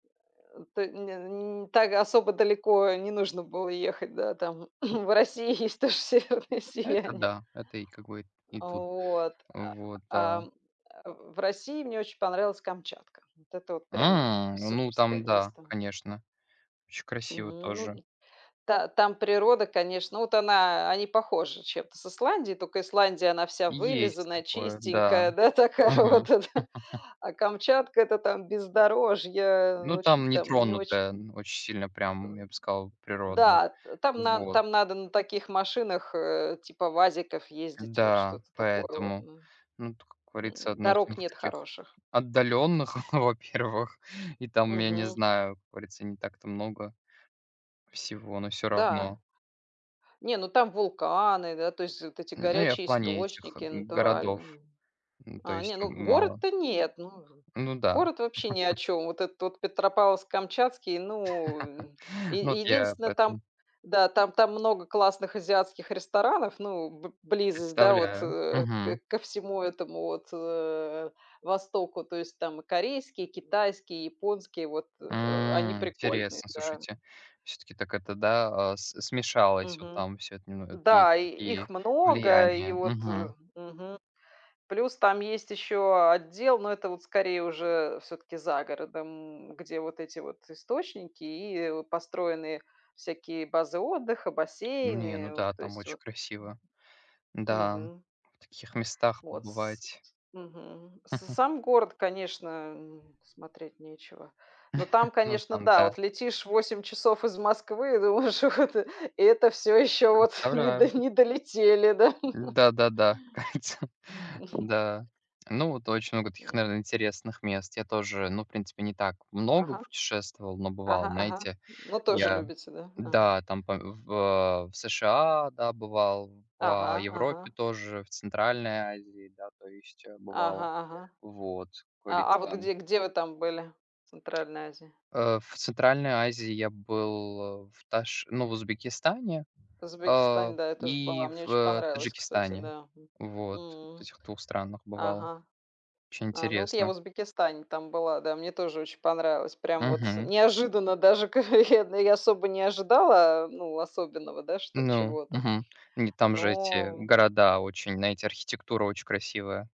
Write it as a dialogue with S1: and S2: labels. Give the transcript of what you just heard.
S1: Той ня ни так особо далеко не нужно было ехать, да, там? В России есть тоже северное
S2: Это
S1: сияние.
S2: да, это и, как бы, и
S1: А
S2: тут.
S1: вот. А,
S2: Вот да.
S1: ам, а в России мне очень понравилась Камчатка. Вот это вот прям
S2: М! Ну,
S1: суперское
S2: там, да,
S1: место.
S2: конечно. Очень красиво
S1: Мгм, ну,
S2: тоже.
S1: н та там природа, конечно, вот она они похожи чем-то с Исландией, тока Исландия- она вся
S2: И есть
S1: вылизанная,
S2: такое, да.
S1: чистенькая, да, такая
S2: Мгм.
S1: вот, а, да? А Камчатка- это там бездорожье,
S2: Ну,
S1: очень
S2: там
S1: там не очень,
S2: нетронутое,
S1: м
S2: м, очень сильно, прям,
S1: Ам,
S2: я б сказал, природно.
S1: да, там нан
S2: Вот.
S1: там надо на таких машинах, э, типа "ВАЗиков" ездить, вот
S2: Н-да,
S1: что-то такое вот,
S2: поэтому,
S1: мгм.
S2: ну, ту, как говорится,
S1: М,
S2: одно из, ну,
S1: дорог
S2: в
S1: нет
S2: таких
S1: хороших.
S2: отдаленных, во-первых. И там, я не
S1: Мгм.
S2: знаю, говорится не так там много всего, но всё равно.
S1: Да. Не, ну там вулканы, да, то есть, вот эти
S2: Н ну, я в
S1: горячие
S2: плане этих,
S1: источники
S2: м, городов,
S1: натуральные.
S2: м, то
S1: А, не
S2: есть, м,
S1: ну,
S2: мало.
S1: город-то нет, ну,
S2: Ну да.
S1: город вообще ни о чём. Вот этот вот Петропавловск-Камчатский, ну, м,
S2: Ну, вот
S1: е
S2: я
S1: единственное, там
S2: поэтому
S1: да, там там много классных азиатских ресторанов, ну, б близость, да вот
S2: Представляю.
S1: э, к
S2: Мгм.
S1: ко всему этому вот, э, востоку. То есть там и корейские, и китайские, и японские вот, э, они
S2: М,
S1: прикольные,
S2: интересно,
S1: да.
S2: слушайте, всё-таки так это, да, а с смешалось вот
S1: Мгм,
S2: там всё это, немно от есть
S1: да, и их
S2: такие
S1: много, и
S2: влияния.
S1: вот, э,
S2: Мгм.
S1: мгм. Плюс там есть еще отдел, но это вот скорее уже, всё-таки, за городом, где вот эти вот источники и, э, вот построенные всякие базы отдыха,
S2: Не, ну
S1: бассейны. Вот,
S2: да,
S1: то
S2: там
S1: есть,
S2: очень
S1: вот.
S2: красиво. Н-да, м,
S1: Мгм.
S2: в таких местах
S1: Вот с
S2: побывать.
S1: ть мгм. С сам город, конечно, м, смотреть нечего. Но там,
S2: Ну,
S1: конечно,
S2: там
S1: да,
S2: да.
S1: вот летишь 8 часов из Москвы, и думаешь: "Ух ты, это всё еще вот не до
S2: Представляю.
S1: не долетели, да".
S2: Н-да, да-да. Ка ица,
S1: Мгм.
S2: да. Ну, вот очень много таких,
S1: М.
S2: наверно, интересных мест, я тоже, ну, в принципе, не так много
S1: Ага.
S2: путешествовал, но бывал,
S1: Ага ага.
S2: знаете.
S1: Ну, тоже
S2: Я,
S1: любите, да? Ага.
S2: да, там по в а, в США, да, бывал, в, а,
S1: Ага,
S2: Европе
S1: ага.
S2: тоже, в Центральной Азии, да, то есть, э,
S1: Ага
S2: бывал.
S1: ага.
S2: Вот, как
S1: А, а вот
S2: говорится.
S1: где где вы там были, в Центральной Азии?
S2: Э, в Центральной Азии я был, а в Таш ну, в Узбекистане,
S1: В
S2: а,
S1: Узбекистане, да, я тоже была.
S2: и
S1: Мне
S2: в,
S1: очень
S2: э,
S1: понравилось, кстати,
S2: Таджикистане.
S1: да. М,
S2: Вот, вот
S1: м.
S2: этих 2 странах бывал.
S1: Ага.
S2: Очень
S1: А, ну вот я в
S2: интересно.
S1: Узбекистане там была, да, мне тоже очень понравилось. Прям вот с
S2: Мгм.
S1: неожиданно даже, ка [unintelligible] я особо не ожидала, ну, особенного, да, что
S2: Ну,
S1: чего-то.
S2: мгм. Не, там же эти
S1: Но м
S2: города очень знаете, архитектура очень красивая.